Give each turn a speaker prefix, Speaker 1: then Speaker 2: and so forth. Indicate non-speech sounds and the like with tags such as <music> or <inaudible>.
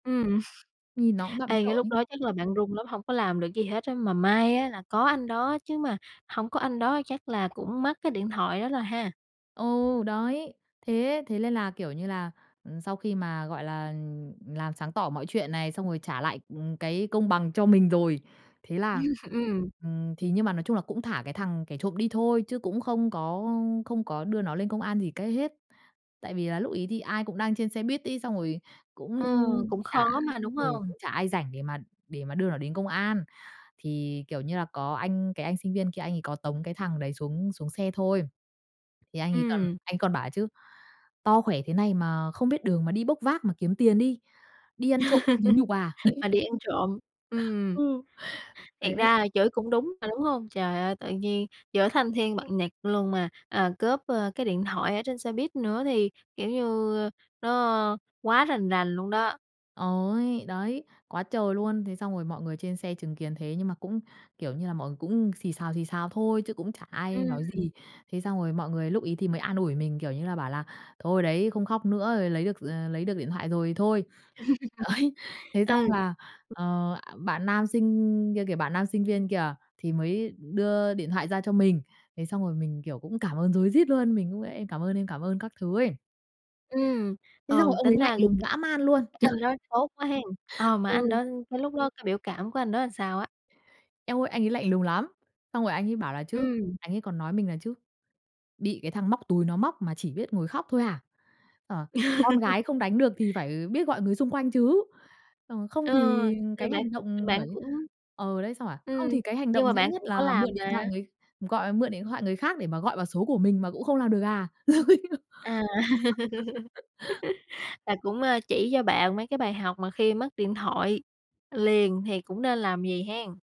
Speaker 1: Ừm,
Speaker 2: Nhìn nó cũng
Speaker 1: <chuckles>
Speaker 2: bặm
Speaker 1: ê,
Speaker 2: trợn
Speaker 1: cái lúc
Speaker 2: ấy.
Speaker 1: đó chắc là bạn run lắm hông có làm được gì hết á. Mà may á là có anh đó chứ mà hổng có anh đó chắc là cũng mất cái điện thoại đó rồi ha?
Speaker 2: Ừ, đấy. Thế thế lên là, kiểu như là, ừm, sau khi mà, gọi là làm sáng tỏ mọi chuyện này xong rồi trả lại, ừm, cái công bằng cho mình rồi. Thế là,
Speaker 1: <laughs> Ừm.
Speaker 2: ừm, thì nhưng mà, nói chung là cũng thả cái thằng kẻ trộm đi thôi chứ cũng không có ưm, không có đưa nó lên công an gì cái hết. Tại vì là lúc ấy thì ai cũng đang trên xe buýt ấy, xong rồi cũng
Speaker 1: Ờ, cũng
Speaker 2: chả
Speaker 1: khó mà, đúng
Speaker 2: ừ,
Speaker 1: hông?
Speaker 2: cũng chả ai rảnh để mà để mà đưa nó đến công an. Thì, kiểu như là, có anh, cái anh sinh viên kia, anh ấy có tống cái thằng đấy xuống xuống xe thôi. Thì anh ấy còn
Speaker 1: Ừm.
Speaker 2: anh còn bảo ấy chứ: "To khỏe thế này mà không biết đường mà đi bốc vác mà kiếm tiền đi, đi ăn trộm không thấy nhục à?"
Speaker 1: <laughs>
Speaker 2: <laughs>
Speaker 1: Mà đi ăn trộm. Ừm.
Speaker 2: Ừ, thế
Speaker 1: Thiệt ra là chửi cũng đúng mà, đúng hông? Trời ơi, tự nhiên giữa thanh thiên bạch nhật luôn mà, à, cướp, ơ, cái điện thoại ở trên xe buýt nữa thì, kiểu như, nó quá rành rành luôn đó.
Speaker 2: Ôi. Đấy, quá trời luôn. Thế xong rồi mọi người trên xe chứng kiến thế nhưng mà cũng, kiểu như là, mọi người cũng xì xào, xì xào thôi chứ cũng chả ai
Speaker 1: Ừm.
Speaker 2: nói gì. Thế xong rồi mọi người lúc ấy thì mới an ủi mình, kiểu như là, bảo là "Thôi, đấy, không khóc nữa. Rồi, lấy được, d ờ, lấy được điện thoại rồi thì thôi." Đấy,
Speaker 1: <laughs>
Speaker 2: thế
Speaker 1: Ừ.
Speaker 2: xong là, ờ, à, bạn nam sinh kia kìa, bạn nam sinh viên kìa thì mới đưa điện thoại ra cho mình. Thế xong rồi mình, kiểu, cũng cảm ơn rối rít luôn, mình cũng: "Em cảm ơn anh. Cảm ơn." các thứ ấy.
Speaker 1: Ừm,
Speaker 2: Thế xong rồi
Speaker 1: ờ,
Speaker 2: ông ấy
Speaker 1: tính
Speaker 2: lạnh
Speaker 1: ra c
Speaker 2: lùng dã man luôn!
Speaker 1: cái
Speaker 2: Trời.
Speaker 1: anh đó tốt quá hen? Ờ, mà anh
Speaker 2: Ừ.
Speaker 1: đó cái lúc đó cái biểu cảm của anh đó là sao á?
Speaker 2: Eo ơi. Anh ấy lạnh lùng lắm, xong rồi anh ấy bảo là chứ,
Speaker 1: Ừm.
Speaker 2: anh ấy còn nói mình là chứ: "Bị cái thằng móc túi nó móc mà chỉ biết ngồi khóc thôi hả? Ờ, con
Speaker 1: <laughs>
Speaker 2: gái không đánh được thì phải, ờ, biết gọi người xung quanh chứ." Xong rồi: "Không
Speaker 1: Ờ,
Speaker 2: thì
Speaker 1: rồi
Speaker 2: cái
Speaker 1: bạn
Speaker 2: hành
Speaker 1: rồi
Speaker 2: động"
Speaker 1: bạn
Speaker 2: bảo chứ
Speaker 1: cũng
Speaker 2: ờ, đấy, xong rồi bảo:
Speaker 1: ừm,
Speaker 2: "Không thì cái hành
Speaker 1: nhưng
Speaker 2: động
Speaker 1: mà
Speaker 2: dễ
Speaker 1: bạn
Speaker 2: nhất
Speaker 1: cũng có
Speaker 2: là
Speaker 1: làm
Speaker 2: mượn điện thoại
Speaker 1: mà.
Speaker 2: người gọi mượn điện thoại người khác để mà gọi vào số của mình mà cũng không làm được à?"
Speaker 1: À,
Speaker 2: <laughs>
Speaker 1: <laughs> là cũng, a, chỉ cho bạn mấy cái bài học mà khi mất điện thoại liền thì cũng nên làm gì hen?